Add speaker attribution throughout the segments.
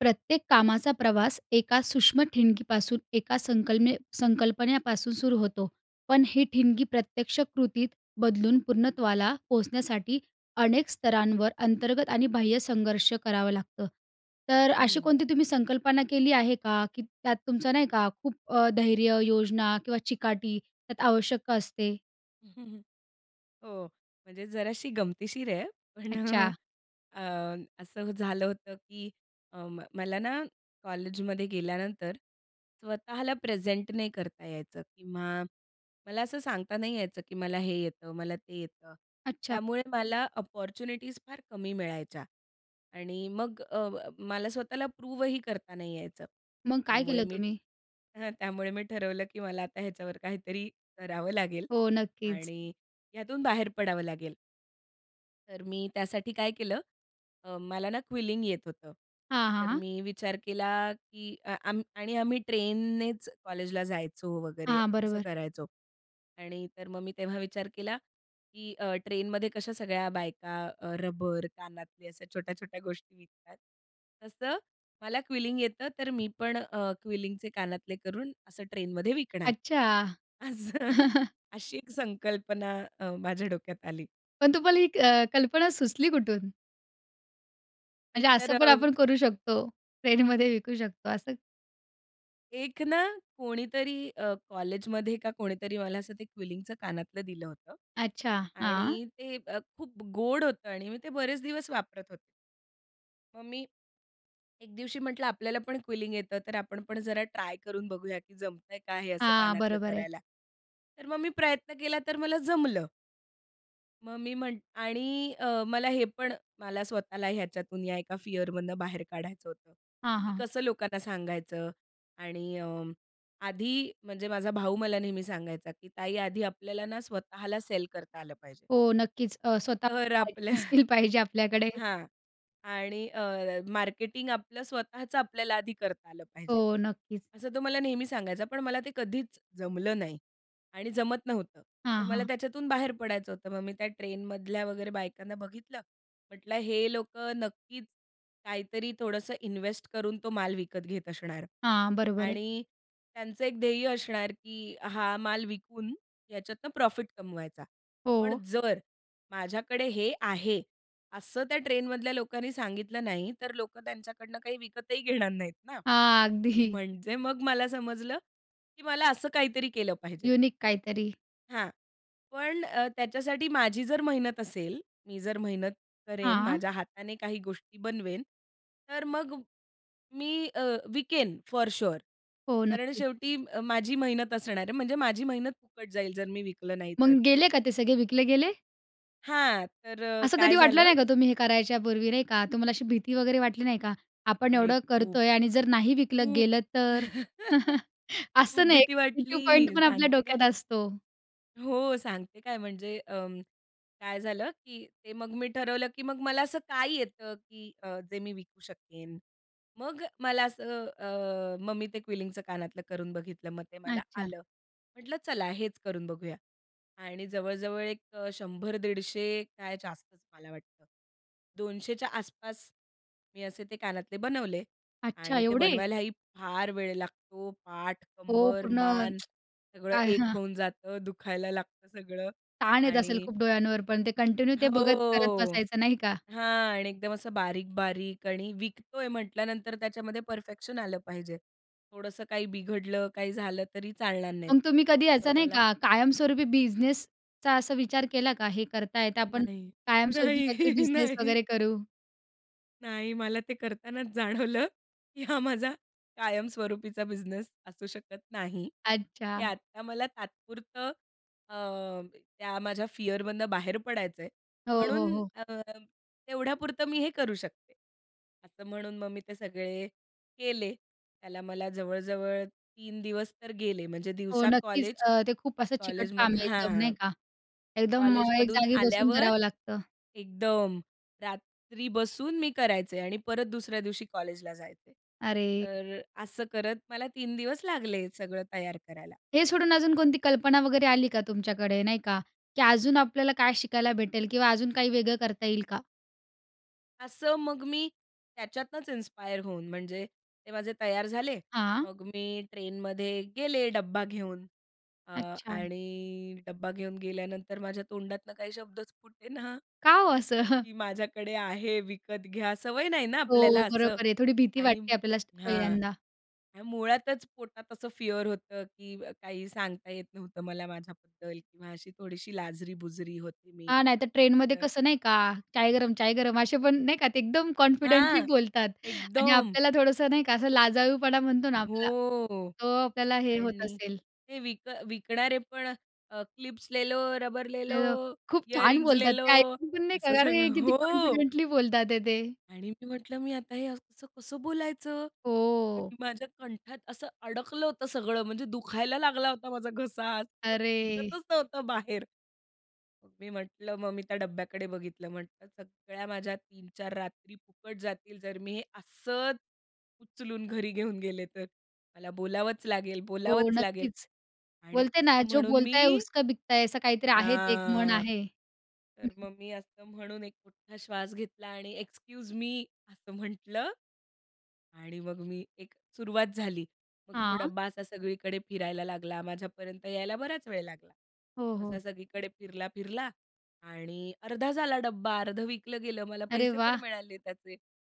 Speaker 1: प्रत्येक कामाचा प्रवास एका सूक्ष्म ठिणगीपासून, एका संकलने संकल्पनेपासून सुरू होतो. पण ही ठिणगी प्रत्यक्ष कृतीत बदलून पूर्णत्वाला पोहोचण्यासाठी, अनेक स्तरांवर अंतर्गत आणि बाह्य संघर्ष करावं लागतं. तर अशी
Speaker 2: हं.
Speaker 1: कोणती तुम्ही संकल्पना केली आहे का, की त्यात तुमचं नाही का खूप अ, धैर्य, योजना किंवा चिकाटी त्यात आवश्यक असते?
Speaker 2: हो. म्हणजे जराशी गमतीशीर आहे पण अ,
Speaker 1: अच्छा.
Speaker 2: अ, असं झालं होतं की अ, मला ना कॉलेजमध्ये गेल्यानंतर स्वतःला प्रेझेंट नाही करता यायचं किंवा मला असं सांगता नाही यायचं, की मला हे येतं मला ते येतं.
Speaker 1: अच्छा.
Speaker 2: त्यामुळे मला अपॉर्च्युनिटीज फार कमी मिळायच्या आणि मग अ, ब मला स्वतःला प्रूवही करता नाही यायचं.
Speaker 1: मग काय
Speaker 2: त्यामुळे
Speaker 1: केलं
Speaker 2: मी
Speaker 1: तुम्ही?
Speaker 2: हं त्यामुळे मी ठरवलं की मला आता ह्याच्यावर काहीतरी करावं लागेल
Speaker 1: हो नक्कीच.
Speaker 2: आणि यातून बाहेर पडावं लागेल. तर मी त्यासाठी काय केलं, अ, मला ना, क्विलिंग येत होतं.
Speaker 1: हां, हां,
Speaker 2: तर
Speaker 1: हां.
Speaker 2: मी विचार केला की अ, अं, आणि आम्ही ट्रेननेच कॉलेजला जायचो वगैरे
Speaker 1: हां,
Speaker 2: असं
Speaker 1: बरोबर.
Speaker 2: करायचो. आणि तर मग मी तेव्हा विचार केला की अ, ट्रेनमध्ये कशा सगळ्या बायका अ, रबर कानातले अशा छोट्या-छोट्या गोष्टी विकतात. तसं मला क्विलिंग येतं. तर मी पण अ, क्विलिंगचे कानातले करून असं ट्रेनमध्ये विकणार.
Speaker 1: अच्छा.
Speaker 2: असं अशी एक संकल्पना अ, माझ्या डोक्यात आली.
Speaker 1: पण तुम्हाला ही अ, कल्पना सुचली कुठून?
Speaker 2: एक
Speaker 1: म्हणजे
Speaker 2: तर
Speaker 1: असं पण
Speaker 2: अ
Speaker 1: आपण करू शकतो, ट्रेनमध्ये विकू शकतो असं,
Speaker 2: एक ना कोणीतरी अ, कॉलेजमध्ये का कोणीतरी मला असं ते क्विलिंगचं कानातलं दिलं होतं.
Speaker 1: अच्छा, हां.
Speaker 2: आणि ते अ, खूप गोड होतं आणि मी ते बरेच दिवस वापरत होते. मग मी एक दिवशी म्हटलं आपल्याला पण क्विलिंग येतं. तर आपण पण जरा ट्राय करून बघूया की जमतंय का हे असं
Speaker 1: हां
Speaker 2: कानातलं
Speaker 1: बरोबर आहे.
Speaker 2: करायला. तर मग मी प्रयत्न केला तर मला जमलं. मग मी म्हंट आणि अ, मला हे पण मला स्वतःला ह्याच्यातून या एका फिअर मधनं बाहेर काढायचं होतं.
Speaker 1: हां,
Speaker 2: की
Speaker 1: हां.
Speaker 2: कसं लोकांना सांगायचं आणि अ, आधी म्हणजे माझा भाऊ मला नेहमी सांगायचा की ताई आधी आपल्याला ना स्वतःला सेल करता आलं पाहिजे.
Speaker 1: हो नक्कीच अ, स्वतः
Speaker 2: तर आपल्या
Speaker 1: [unintelligible] पाहिजे आपल्याकडे.
Speaker 2: हां आणि अ, मार्केटिंग आपलं स्वतःचं आपल्याला आधी करता आलं पाहिजे,
Speaker 1: हो नक्कीच.
Speaker 2: असं तो मला नेहमी सांगायचा, पण मला ते कधीच जमलं नाही आणि जमत नव्हतं. तर
Speaker 1: हां,
Speaker 2: मला
Speaker 1: हां.
Speaker 2: त्याच्यातून बाहेर पडायचं होतं, मग मी त्या ट्रेनमधल्या वगैरे बायकांना बघितलं, म्हटलं हे लोकं नक्कीच काहीतरी थोडंसं इन्वेस्ट करून तो माल विकत घेत असणार
Speaker 1: हां बरोबर आहे.
Speaker 2: आणि त्यांचं एक ध्येय असणार की हा माल विकून याच्यातनं प्रॉफिट कमवायचा. पण
Speaker 1: हो.
Speaker 2: जर माझ्याकडे हे आहे असं त्या ट्रेनमधल्या लोकांनी सांगितलं नाही. तर लोकं त्यांच्याकडनं काही विकतही घेणार नाहीत ना,
Speaker 1: हां अगदी.
Speaker 2: म्हणजे मग मला समजलं की मला असं काहीतरी केलं पाहिजे.
Speaker 1: युनिक काहीतरी.
Speaker 2: हां. पण त्याच्यासाठी माझी जर मेहनत असेल, मी जर मेहनत करेन,
Speaker 1: हां.
Speaker 2: माझ्या हाताने काही गोष्टी बनवेन. तर मग मी अ, विकेन फॉर शुअर
Speaker 1: हो,
Speaker 2: कारण
Speaker 1: नक्कीच.
Speaker 2: शेवटी अ, माझी मेहनत असणार आहे. म्हणजे माझी मेहनत फुकट जाईल, जर मी विकलं नाही तर.
Speaker 1: मग गेले का ते सगळे विकले गेले?
Speaker 2: हां, तर
Speaker 1: असं
Speaker 2: काय
Speaker 1: कधी वाटलं
Speaker 2: झालं
Speaker 1: नाही का तुम्ही हे करायच्या पूर्वी नाही का, तुम्हाला अशी भीती वगैरे वाटली नाही का? आपण
Speaker 2: अरे!
Speaker 1: एवढं
Speaker 2: खूप,
Speaker 1: करतो आहे आणि जर नाही विकलं
Speaker 2: खूप.
Speaker 1: गेलं तर?
Speaker 2: खूप
Speaker 1: असं नाही,
Speaker 2: भीती
Speaker 1: एक तो
Speaker 2: वाटली,
Speaker 1: पॉइंटपण आपल्या
Speaker 2: सांगते काय.
Speaker 1: डोक्यात असतो.
Speaker 2: हो, सांगते काय म्हणजे अं, काय झालं की ते मग मी ठरवलं की मग मला असं काय येतं की अ, जे मी विकू शकेन? मग मला असं अ, मग मी ते क्विलिंगचं कानातलं करून बघितलं. मग ते मला
Speaker 1: अच्छा.
Speaker 2: आलं, म्हटलं चला हेच करून बघूया आणि जवळ-जवळ एक अ, 100-150 काय जास्तच मला वाटतं 200 च्या आसपास मी असे ते कानातले बनवले.
Speaker 1: अच्छा,
Speaker 2: आणि ते
Speaker 1: एवढे?
Speaker 2: बनवायलाही फार वेळ लागतो, पाठ
Speaker 1: हो,
Speaker 2: कंबर
Speaker 1: पूर्ण
Speaker 2: मान सगळं
Speaker 1: काय
Speaker 2: एक
Speaker 1: हां.
Speaker 2: होऊन जातं, दुखायला लागतं सगळं
Speaker 1: ताण येत असेल
Speaker 2: आणि
Speaker 1: खूप डोळ्यांवर पण ते कंटिन्यू ते बघत करत
Speaker 2: हो.
Speaker 1: बसायचं, नाही का?
Speaker 2: हां आणि एकदम असं बारीक-बारीक आणि विकतो आहे म्हटल्यानंतर त्याच्यामध्ये परफेक्शन आलं पाहिजे. थोडंसं काही बिघडलं काही झालं तरी चालणार नाहीत.
Speaker 1: मग तुम्ही कधी
Speaker 2: म
Speaker 1: यायचं नाही
Speaker 2: मला,
Speaker 1: का कायमस्वरूपी बिझनेसचा असा विचार केला का? हे करता येता पण
Speaker 2: नाही,
Speaker 1: कायमस्वरूपी काहीतरी
Speaker 2: नाही,
Speaker 1: बिझनेस
Speaker 2: नाही.
Speaker 1: वगैरे करू?
Speaker 2: नाही, मला ते करतानाच जाणवलं, की हा माझा कायमस्वरूपीचा बिझनेस असू शकत नाही, हे
Speaker 1: अच्छा.
Speaker 2: आता मला तात्पुरतं अ, त्या माझ्या फिअरमधनं बाहेर पडायचं आहे,
Speaker 1: हो,
Speaker 2: म्हणून
Speaker 1: हो, हो.
Speaker 2: अ, अं, तेवढ्यापुरतं मी हे करू शकते. असं म्हणून मग मी ते सगळे केले, त्याला मला जवळ-जवळ तीन दिवस तर गेले, म्हणजे
Speaker 1: हो,
Speaker 2: दिवसा
Speaker 1: नक्कीच.
Speaker 2: कॉलेज,
Speaker 1: अ, ते खूप असं चिकट काम
Speaker 2: कॉलेजमधनं
Speaker 1: आहे, एकदम
Speaker 2: हां.
Speaker 1: नाही का, एकदम अ, एक
Speaker 2: कॉलेजमधून
Speaker 1: जागी बसून
Speaker 2: आल्यावर,
Speaker 1: करावं लागतं.
Speaker 2: एकदम रात्री बसून मी करायचे आणि परत दुसऱ्या दिवशी कॉलेजला जायचे.
Speaker 1: अरे!
Speaker 2: तर असं करत, मला तीन दिवस लागले, सगळं तयार करायला.
Speaker 1: हे सोडून अजून कोणती कल्पना वगैरे आली का तुमच्याकडे, नाही का, की अजून आपल्याला काय शिकायला भेटेल किंवा अजून काही वेगळं करता येईल का?
Speaker 2: असं, मग मी त्याच्यातनंच इन्स्पायर होऊन, म्हणजे ते माझे तयार झाले.
Speaker 1: हां.
Speaker 2: मग मी ट्रेनमध्ये गेले, डब्बा घेऊन अ
Speaker 1: अच्छा.
Speaker 2: आणि डब्बा घेऊन गेल्यानंतर माझ्या तोंडातनं काही शब्दच फुटेना
Speaker 1: का हो असं?
Speaker 2: की माझ्याकडे आहे, विकत घ्या. सवय नाही ना आपल्याला
Speaker 1: हो,
Speaker 2: असं
Speaker 1: बरोबर आहे, थोडी भीती
Speaker 2: आणि
Speaker 1: वाटते आपल्याला असं
Speaker 2: हां.
Speaker 1: पहिल्यांदा.
Speaker 2: मुळातच पोटात असं फिअर होतं, की काही सांगता येत नव्हतं मला माझ्याबद्दल किंवा अशी थोडीशी लाजरी-बुजरी होते मी.
Speaker 1: हां, नाहीतर ट्रेनमध्ये
Speaker 2: तर
Speaker 1: कसं नाही का, चाय गरम-चाय गरम, असे पण नाही का, ते एकदम कॉन्फिडेंटली
Speaker 2: हां,
Speaker 1: बोलतात आणि
Speaker 2: एकदम.
Speaker 1: आपल्याला थोडंसं नाही का, असं लजाळूपणा म्हणतो ना आपला
Speaker 2: हो.
Speaker 1: तो आपल्याला हे होत
Speaker 2: आणि
Speaker 1: असेल.
Speaker 2: ते विक विकणारे अ, पण क्लिप्स लेलो, रबर लेलो,
Speaker 1: [unintelligible] खूप छान
Speaker 2: इयरिंग
Speaker 1: बोलतात
Speaker 2: लेलो,
Speaker 1: ते, ऐकून पण नाही
Speaker 2: असं
Speaker 1: का अरे!
Speaker 2: सगळं
Speaker 1: किती
Speaker 2: हो.
Speaker 1: कॉन्फिडेंटली बोलतात आहेत ते.
Speaker 2: आणि मी म्हंटलं मी आता हे असं कसं, कसं बोलायचं
Speaker 1: हो.
Speaker 2: आणि माझ्या कंठात असं अडकलं होतं सगळं, म्हणजे दुखायला लागला होता माझा घसा. [unintelligible] पण
Speaker 1: अरे!
Speaker 2: फुटतच नव्हतं बाहेर. मी म्हंटलं, मग मी त्या डब्याकडे बघितलं. म्हटलं सगळ्या माझ्या 3-4 रात्री फुकट जातील, जर मी असंच उचलून घरी घेऊन गेले तर. मला बोलावंच लागेल,
Speaker 1: हो,
Speaker 2: बोलावंच लागेल
Speaker 1: नक्कीच.
Speaker 2: आणि
Speaker 1: बोलते ना,
Speaker 2: असं
Speaker 1: "जो
Speaker 2: म्हणून
Speaker 1: बोलता है,
Speaker 2: मी
Speaker 1: उसका बिकता है" असं काहीतरी आहे ते, एक म्हण
Speaker 2: हां,
Speaker 1: आहे. हं,
Speaker 2: तर
Speaker 1: हं.
Speaker 2: मग मी असं म्हणून एक मोठा श्वास घेतला आणि "एक्सक्यूज मी", असं म्हंटलं आणि मग मी एक सुरुवात झाली. मग तो
Speaker 1: हां.
Speaker 2: डब्बा असा सगळीकडे फिरायला लागला, माझ्यापर्यंत यायला बराच वेळ लागला.
Speaker 1: हो, हो.
Speaker 2: असा सगळीकडे फिरला-फिरला आणि अर्धा झाला डब्बा, अर्धं विकलं गेलं, मला
Speaker 1: अरे
Speaker 2: पैसे पण
Speaker 1: वाह!
Speaker 2: मिळाले त्याचे.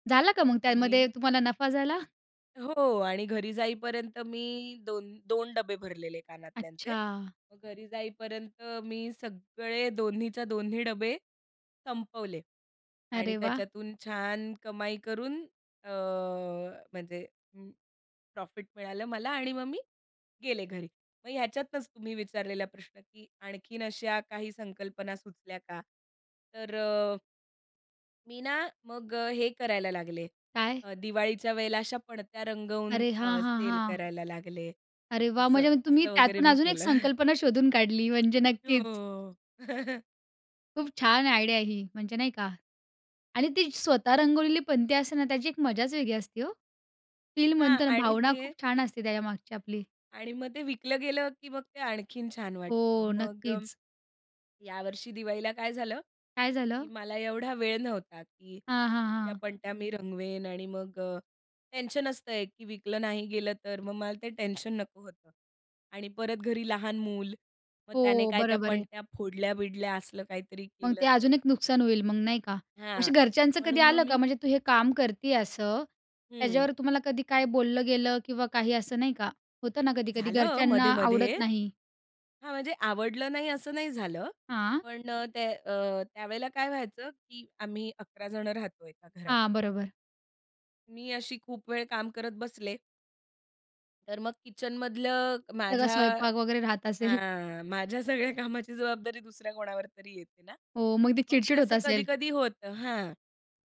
Speaker 1: झाला का मग?
Speaker 2: मग मी
Speaker 1: त्यामध्ये तुम्हाला नफा झाला?
Speaker 2: हो. आणि घरी जाईपर्यंत मी 2 2 डब्बे भरलेले कानातल्यांचे.
Speaker 1: अच्छा.
Speaker 2: मग घरी जाईपर्यंत मी सगळे दोन्हीच्या दोन्ही डबे, संपवले आणि
Speaker 1: अरे वाह!
Speaker 2: त्याच्यातून छान कमाई करून अ, म्हणजे अं, प्रॉफिट मिळालं मला आणि मग मी गेले घरी. मग ह्याच्यातनच तुम्ही विचारलेला प्रश्न, की आणखीन अशा काही संकल्पना सुचल्या का? तर अ मी ना मग अ, हे करायला लागले
Speaker 1: काय?
Speaker 2: अ, दिवाळीच्या वेळेला अशा पणत्या रंगवून
Speaker 1: अरे! हां,
Speaker 2: अ,
Speaker 1: हां,
Speaker 2: सेल
Speaker 1: हां.
Speaker 2: करायला लागले.
Speaker 1: अरे वाह!
Speaker 2: असं,
Speaker 1: म्हणजे मग तुम्ही
Speaker 2: असं वगैरे
Speaker 1: त्यातून
Speaker 2: मी
Speaker 1: अजून एक
Speaker 2: केलं.
Speaker 1: संकल्पना शोधून काढली म्हणजे नक्कीच.
Speaker 2: हो.
Speaker 1: खूप छान आयडिया आहे ही, म्हणजे नाही का? आणि ती स्वतः रंगवलेली पणती असते ना त्याची एक मजाच वेगळी असते हो. फील
Speaker 2: हां.
Speaker 1: म्हणतो ना
Speaker 2: आणि
Speaker 1: भावना
Speaker 2: ते
Speaker 1: खूप छान असते त्याच्यामागची आपली.
Speaker 2: आणि मग ते विकलं गेलं, की मग ते आणखीन छान वाटतं.
Speaker 1: हो.
Speaker 2: मग अ,
Speaker 1: नक्कीच.
Speaker 2: यावर्षी दिवाळीला काय झालं,
Speaker 1: काय
Speaker 2: की
Speaker 1: झालं?
Speaker 2: मला एवढा वेळ नव्हता, की
Speaker 1: हां, हां,
Speaker 2: इतक्या
Speaker 1: हां.
Speaker 2: पणत्या मी रंगवेन आणि मग अ, टेन्शन असतं एक, की विकलं नाही गेलं तर मग मला ते टेन्शन नको होतं. आणि परत घरी लहान मूल. मग त्याने
Speaker 1: हो.
Speaker 2: काय त्या
Speaker 1: बरोबर आहे.
Speaker 2: पणत्या फोडल्या-बिडल्या असलं काहीतरी
Speaker 1: मग
Speaker 2: केलं
Speaker 1: ते
Speaker 2: तर?
Speaker 1: अजून एक नुकसान होईल मग नाही का? अशी
Speaker 2: हां.
Speaker 1: घरच्यांचं कधी
Speaker 2: म्हणून मग
Speaker 1: आलं का,
Speaker 2: मी
Speaker 1: म्हणजे तू हे काम करती असं
Speaker 2: हं.
Speaker 1: त्याच्यावर तुम्हाला कधी काय बोललं गेलं? किंवा काही असं नाही का? होतं ना कधी-कधी
Speaker 2: झालं
Speaker 1: घरच्यांना
Speaker 2: मध्ये-मध्ये
Speaker 1: आवडत नाही.
Speaker 2: हां. म्हणजे आवडलं नाही असं नाही झालं,
Speaker 1: हां.
Speaker 2: पण अ, त्या अ, त्यावेळेला काय व्हायचं, की आम्ही 11 जण राहतो एका घरात.
Speaker 1: हां. बरोबर.
Speaker 2: मी अशी खूप वेळ काम करत बसले. तर मग किचनमधलं
Speaker 1: सगळा
Speaker 2: माझ्या
Speaker 1: स्वयंपाक वगैरे राहत असेल.
Speaker 2: हां, माझ्या सगळ्या कामाची जबाबदारी दुसऱ्या कोणावर तरी येते ना.
Speaker 1: हो, मग ते
Speaker 2: मग ते
Speaker 1: चिड-चिड होत
Speaker 2: असं
Speaker 1: असेल.
Speaker 2: कधी-कधी होतं. हां,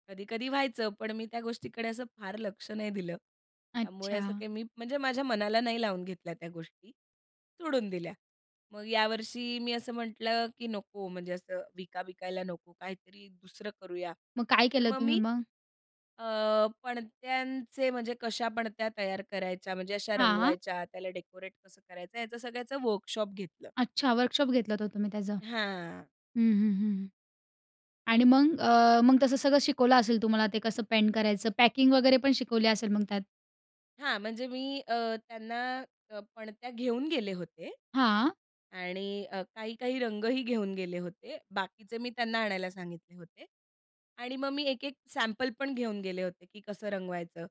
Speaker 2: कधी-कधी व्हायचं, पण मी त्या गोष्टीकडे असं फार लक्ष नाही दिलं. त्यामुळे असं
Speaker 1: अच्छा.
Speaker 2: काही मी, म्हणजे माझ्या मनाला नाही लावून घेतल्या त्या गोष्टी, सोडून दिल्या. मग यावर्षी मी असं म्हटलं की नको म्हणजे असं विका विकायला नको, काहीतरी दुसरं करूया.
Speaker 1: मग काय
Speaker 2: तर
Speaker 1: केलं
Speaker 2: मग
Speaker 1: तुम्ही
Speaker 2: मी
Speaker 1: मग?
Speaker 2: अ, पणत्यांचे, म्हणजे कशा पणत्या तयार करायच्या? म्हणजे अशा
Speaker 1: हां.
Speaker 2: रंगवायच्या, त्याला डेकोरेट कसं करायचं? याचं सगळ्याचं वर्कशॉप घेतलं.
Speaker 1: अच्छा वर्कशॉप घेतला तर तुम्ही त्याचं.
Speaker 2: हां.
Speaker 1: हं, हं, हं आणि मग अ, मग तसं सगळं शिकवलं असेल तुम्हाला ते कसं पेंट करायचं, पॅकिंग वगैरे पण शिकवली असेल मग त्यात?
Speaker 2: हां, म्हणजे मी अ, त्यांना अ, पणत्या घेऊन गेले होते.
Speaker 1: हां.
Speaker 2: आणि अ, काही-काही रंगही घेऊन गेले होते, बाकीचे मी त्यांना आणायला सांगितले होते आणि मग मी एक-एक सॅम्पल पण घेऊन गेले होते की कसं रंगवायचं.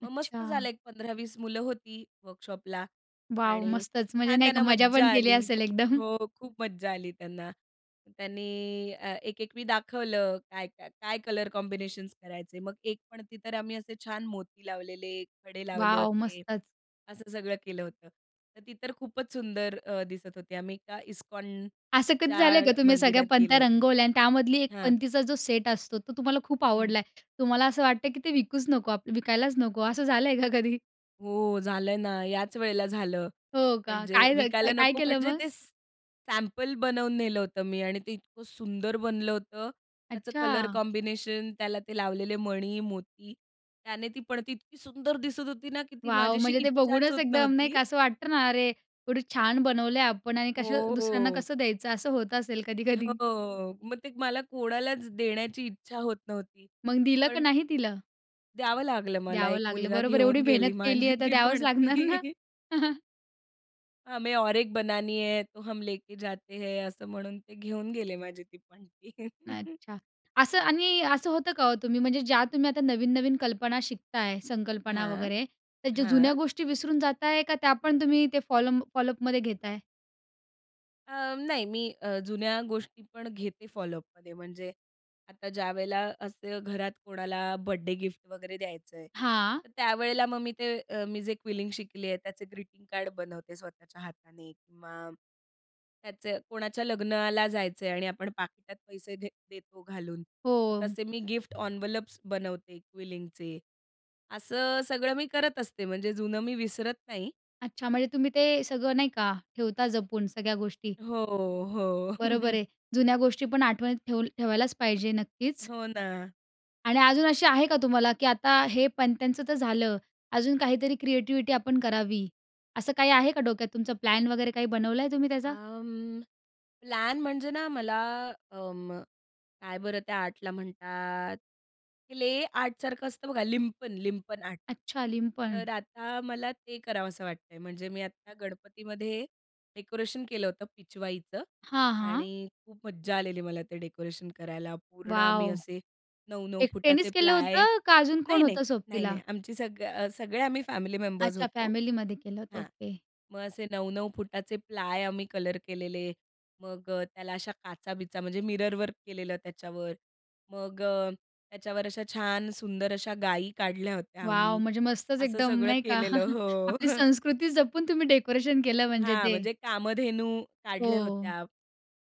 Speaker 2: मग मस्त झालं
Speaker 1: अच्छा.
Speaker 2: एक 15-20 मुलं होती, वर्कशॉपला
Speaker 1: वाव
Speaker 2: आणि
Speaker 1: मस्तच! म्हणजे
Speaker 2: छान
Speaker 1: नाही का
Speaker 2: त्यांना
Speaker 1: मजा
Speaker 2: मज्जा
Speaker 1: पण केली
Speaker 2: आली,
Speaker 1: असेल एकदम.
Speaker 2: हो खूप मज्जा आली त्यांना अ, त्यांनी एक-एक मी दाखवलं काय, काय काय कलर कॉम्बिनेशन्स करायचे, मग एक पणती तर आम्ही असे छान मोती लावलेले, खडे लावले
Speaker 1: वाव
Speaker 2: होते,
Speaker 1: मस्तच!
Speaker 2: असं सगळं केलं होतं. तर ती तर खूपच अ, सुंदर दिसत होती. आम्ही एका
Speaker 1: असं कधी झालं आहे का
Speaker 2: इस्कॉनच्या
Speaker 1: तुम्ही सगळ्या
Speaker 2: मंदिरात गेलो
Speaker 1: पंत्या
Speaker 2: होतो.
Speaker 1: रंगवल्या आणि त्यामधली एक
Speaker 2: हां.
Speaker 1: पंतीचा जो सेट असतो, तो तुम्हाला खूप
Speaker 2: हं.
Speaker 1: आवडला आहे. तुम्हाला असं वाटतं की ते विकूच नको आपलं विकायलाच नको, असं झालं आहे का कधी?
Speaker 2: हो, झालंय ना, याच वेळेला झालं.
Speaker 1: हो का?
Speaker 2: म्हणजे
Speaker 1: काय झाल,
Speaker 2: विकायला
Speaker 1: काय
Speaker 2: नको
Speaker 1: केलं
Speaker 2: म्हणजे
Speaker 1: मग?
Speaker 2: ते सॅ सॅम्पल बनवून नेलं होतं मी आणि ते इतकं सुंदर बनलं होतं. त्याचं कलर
Speaker 1: अच्छा.
Speaker 2: कॉम्बिनेशन, त्याला ते लावलेले मणी, मोती त्याने ती पणती इतकी सुंदर दिसत होती ना की ती माझी
Speaker 1: वाव!
Speaker 2: अशी
Speaker 1: म्हणजे ते
Speaker 2: इच्छाच
Speaker 1: बघूनच
Speaker 2: होत
Speaker 1: एकदम नाही
Speaker 2: नव्हती.
Speaker 1: असं वाटतं ना, अरे, एवढी छान बनवल्या आपण आणि कशा
Speaker 2: हो,
Speaker 1: दुसऱ्यांना
Speaker 2: हो.
Speaker 1: कसं द्यायचं? असं होत असेल कधी-कधी.
Speaker 2: हो, मग ते मला कोणालाच देण्याची इच्छा होत नव्हती.
Speaker 1: मग दिलं का
Speaker 2: पण,
Speaker 1: नाही तिला?
Speaker 2: द्यावं लागलं मला
Speaker 1: द्यावं
Speaker 2: एक
Speaker 1: लागलं,
Speaker 2: मुलगा
Speaker 1: बरोबर एवढी
Speaker 2: घेऊन
Speaker 1: मेहनत
Speaker 2: गेला
Speaker 1: केली
Speaker 2: माझी
Speaker 1: आहे तर
Speaker 2: ती
Speaker 1: द्यावंच लागणार ना?
Speaker 2: पणती. हमें और एक बनानी है, तो हम लेके जाते हैं. असं म्हणून ते घेऊन गेले माझी ती पणती.
Speaker 1: नाही अच्छा, असं आणि असं होतं का हो? तुम्ही म्हणजे ज्या तुम्ही आता नवीन-नवीन कल्पना शिकताय संकल्पना
Speaker 2: हां,
Speaker 1: वगैरे तर जु जुन्या
Speaker 2: हां.
Speaker 1: गोष्टी विसरून जात आहे, का त्या पण तुम्ही ते फॉलो फॉलोअपमध्ये घेताय?
Speaker 2: अंम नाही, मी अ, जुन्या गोष्टी पण घेते फॉलोअपमध्ये म्हणजे, आता ज्यावेळेला असं घरात कोणाला बर्थडे गिफ्ट वगैरे द्यायचं आहे.
Speaker 1: हां.
Speaker 2: तर त्यावेळेला मग मी ते अ, मी जे क्विलिंग शिकली आहे त्याचे ग्रीटिंग कार्ड बनवते स्वतःच्या हाताने किंवा त्याचे कोणाच्या लग्नाला जायचं आहे आणि आपण पाकिटात पैसे दे देतो घालून मग
Speaker 1: हो.
Speaker 2: तसे मी गिफ्ट एन्व्हलप्स बनवते क्विलिंगचे असं सगळं मी करत असते म्हणजे जुनं मी विसरत नाही.
Speaker 1: अच्छा, म्हणजे तुम्ही ते सगळं नाही का? ठेवता जपून सगळ्या गोष्टी.
Speaker 2: हो, हो.
Speaker 1: बरोबर आहे. जुन्या गोष्टी पण आठवणीत ठेव ठेवायलाचं पाहिजे. नक्कीच.
Speaker 2: हो ना.
Speaker 1: आणि अजून अशी आहे का तुम्हाला? की आता हे पणत्यांचं तर झालं, अजून काहीतरी क्रिएटीव्हीटी आपण करावी असं काही आहे का डोक्यात, तुमचा प्लॅन वगैरे काही बनवलाय तुम्ही त्याचा?
Speaker 2: अं, प्लॅन म्हणजे ना मला अं, काय बरं त्या आर्टला म्हणतात? क्लेआर्ट सारखं असतं बघा लिंपन, लिंपन आर्ट.
Speaker 1: अच्छा, लिंपण.
Speaker 2: तर आता मला ते करावंसं वाटतंय. म्हणजे मी आता गणपतीमध्ये डेकोरेशन केलं होतं पिचवाईचं
Speaker 1: हां, हां.
Speaker 2: आणि खूप मज्जा आलेली मला ते डेकोरेशन करायला. पूर्ण आम्ही
Speaker 1: वॉव!
Speaker 2: असे 9-9 फूट चे
Speaker 1: एकट्यानेचं केलं
Speaker 2: प्लाय
Speaker 1: होतं, का अजून कोण
Speaker 2: नाही-नाही,
Speaker 1: होतं सोबतीला?
Speaker 2: नाही-नाही. आमची अ, सगळ सगळे आम्ही फॅमिली मेंबर्स
Speaker 1: अच्छा,
Speaker 2: होतो
Speaker 1: फॅमिली मध्ये केलं होत
Speaker 2: हां.
Speaker 1: ओके.
Speaker 2: मग असे 9-9 फूट चे प्लाय आम्ही कलर केलेले. मग त्याला अशा काचाबिचा म्हणजे मिररवर्क केलेलं, त्याच्यावर. मग त्याच्यावर अशा छान सुंदर अशा गायी काढल्या होत्या
Speaker 1: वॉव!
Speaker 2: आम्ही
Speaker 1: म्हणजे मस्तच
Speaker 2: असं
Speaker 1: एकदम
Speaker 2: सगळं
Speaker 1: नाही का?
Speaker 2: केलेलं हो.
Speaker 1: आपली
Speaker 2: हं.
Speaker 1: संस्कृती जपून तुम्ही डेकोरेशन केलं म्हणजे
Speaker 2: हां.
Speaker 1: ते.
Speaker 2: म्हणजे कामधेनू काढल्या
Speaker 1: हो.
Speaker 2: होत्या.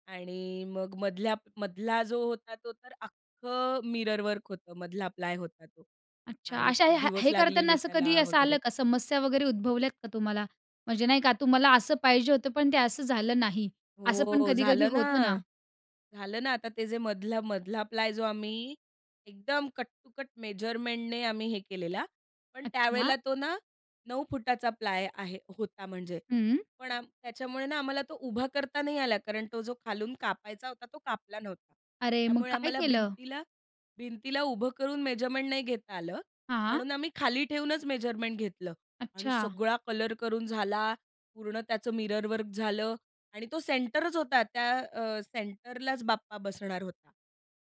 Speaker 2: आणि मग मधल्या मधला जो होता तो तर अख्खं मिररवर्क होतं, मधला प्लाय होता तो.
Speaker 1: अच्छा.
Speaker 2: आणि
Speaker 1: अशा
Speaker 2: खूप
Speaker 1: हे
Speaker 2: दिवस
Speaker 1: हे करताना
Speaker 2: लागलेले
Speaker 1: असं कधीही
Speaker 2: त्याला
Speaker 1: असं
Speaker 2: वगैरे.
Speaker 1: आलं का? समस्या वगैरे, उद्भवल्यात का तुम्हाला? म्हणजे नाही का तुम्हाला असं पाहिजे होतं पण ते असं झालं नाही. असं पण
Speaker 2: हो
Speaker 1: कधी-कधी
Speaker 2: झालं ना.
Speaker 1: होतं ना.
Speaker 2: झालं ना आता ते जे मधला मधला प्लाय जो आम्ही एकदम कट टू कट मेजरमेंटने आम्ही हे केलेला. पण
Speaker 1: अच्छा.
Speaker 2: त्यावेळेला तो ना 9फूट चा प्लाय आहे होता म्हणजे,
Speaker 1: हं.
Speaker 2: पण त्याच्यामुळे ना आम्हाला तो उभा करता नाही आला. कारण तो जो खालून कापायचा होता तो कापला नव्हता
Speaker 1: अरे मग
Speaker 2: त्यामुळे
Speaker 1: काय
Speaker 2: आम्हाला
Speaker 1: केलं?
Speaker 2: भिंतीला, भिंतीला उभं करून मेजरमेंट नाही घेता आलं.
Speaker 1: हां.
Speaker 2: म्हणून आम्ही खाली ठेवूनच मेजरमेंट घेतलं आणि
Speaker 1: अच्छा.
Speaker 2: सगळा कलर करून झाला, पूर्ण त्याचं मिररवर्क झालं आणि तो सेंटरच होता, त्या अ, सेंटरलाच बाप्पा बसणार होता.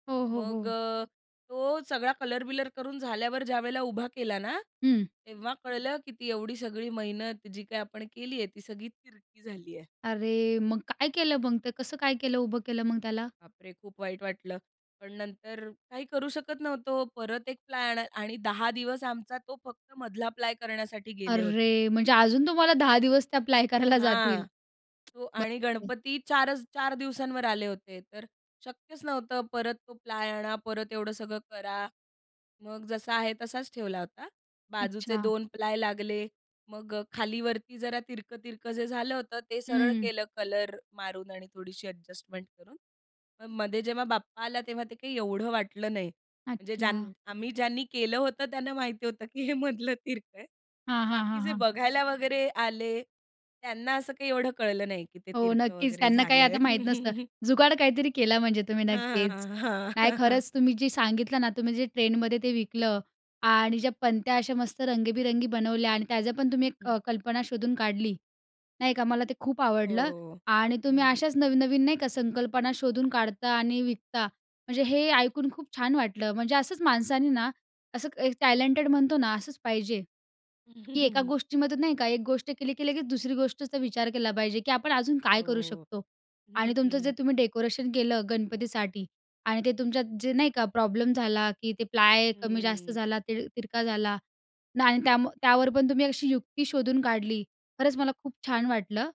Speaker 1: हो, हो,
Speaker 2: मग
Speaker 1: हो.
Speaker 2: अ, तो सगळा कलर-बिलर करून झाल्यावर ज्यावेळेला उभा केला ना,
Speaker 1: हं.
Speaker 2: तेव्हा कळलं की ती एवढी सगळी मेहनत जी काही आपण केली आहे ती सगळी तिरकी झाली आहे.
Speaker 1: अरे! मग काय केलं मग, ते कसं काय केलं उभं केलं मग त्याला?
Speaker 2: बापरे! खूप वाईट वाटलं. पण नंतर काही करू शकत नव्हतो, परत 1 प्लॅन आणि 10 दिवस आमचा तो फक्त मधला प्लाय करण्यासाठी गेले होते.
Speaker 1: अरे! म्हणजे अजून तुम्हाला 10 दिवस ते अप्लाय करायला जातील?
Speaker 2: हां. तो
Speaker 1: बरं.
Speaker 2: आणि
Speaker 1: [unintelligible]
Speaker 2: गणपती 4च, 4 दिवसांवर आले होते तर, शक्यच नव्हतं परत तो प्लाय आणा परत एवढं सगळं करा, मग जसा आहे तसाच ठेवला होता. बाजूचे
Speaker 1: अच्छा.
Speaker 2: 2 प्लाय लागले. मग खालीवरती जरा तिरकं-तिरकं जे झालं होतं ते सरळ
Speaker 1: हं.
Speaker 2: केलं कलर मारून आणि थोडीशी ॲडजस्टमेंट करून, मग मध्ये जेव्हा बाप्पा आला तेव्हा ते काही एवढं वाटलं नाही. म्हणजे ज्या
Speaker 1: अच्छा.
Speaker 2: आम्ही ज्यांनी केलं होतं त्यांना माहिती होतं की हे मधलं तिरकं आहे.
Speaker 1: हां, हां,
Speaker 2: बाकी
Speaker 1: हां,
Speaker 2: जे
Speaker 1: हां.
Speaker 2: बघायला वगैरे आले. त्यांना असं काही एवढं कळलं नाही की ते
Speaker 1: हो
Speaker 2: तिरकं
Speaker 1: नक्कीच
Speaker 2: वगैरे
Speaker 1: त्यांना काही
Speaker 2: झालंय.
Speaker 1: आता माहीत नसतं. जुगाड काहीतरी केलं म्हणजे तुम्ही,
Speaker 2: हां,
Speaker 1: नक्कीच.
Speaker 2: हां, हां, हां.
Speaker 1: नाही खरंच तुम्ही जे सांगितलं ना, तुम्ही जे ट्रेनमध्ये ते विकलं आणि ज्या पणत्या अशा मस्त रंगबिरंगी बनवल्या आणि त्याझं पण तुम्ही एक
Speaker 2: [unintelligible]
Speaker 1: कल्पना शोधून काढली. नाही का? मला ते खूप आवडलं
Speaker 2: हो,
Speaker 1: आणि तुम्ही
Speaker 2: हो.
Speaker 1: अशाच नवनवीन नाही का संकल्पना शोधून काढता आणि विकता. म्हणजे हे ऐकून खूप छान वाटलं म्हणजे असंच माणसांनी ना असं एक टॅलेंटेड म्हणतो ना, असंच पाहिजे की एका गोष्टीमध्ये नाही का एक गोष्ट केली की लगेच दुसरी गोष्टचं तर विचार केला पाहिजे की आपण अजून काय करू
Speaker 2: हो,
Speaker 1: शकतो?
Speaker 2: हं,
Speaker 1: आणि तुमचं जे
Speaker 2: हं.
Speaker 1: तुम्ही डेकोरेशन केलं गणपतीसाठी आणि ते तुमच्यात जे नाही का प्रॉब्लेम झाला की ते प्लाय कमी-जास्त
Speaker 2: हम्म.
Speaker 1: झाला, ते तिरका झाला, आणि त्यामुळे त्यावर पण तुम्ही अशी युक्ती शोधून काढली. खरंच मला खूप छान वाटलं.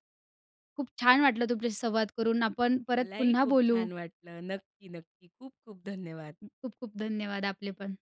Speaker 1: खूप छान वाटलं तुमच्याशी संवाद करून. आपण परत
Speaker 2: मलाही
Speaker 1: पुन्हा
Speaker 2: खूप
Speaker 1: बोलू.
Speaker 2: छान वाटलं. नक्की-नक्की. खूप-खूप धन्यवाद.
Speaker 1: खूप-खूप धन्यवाद आपले पण.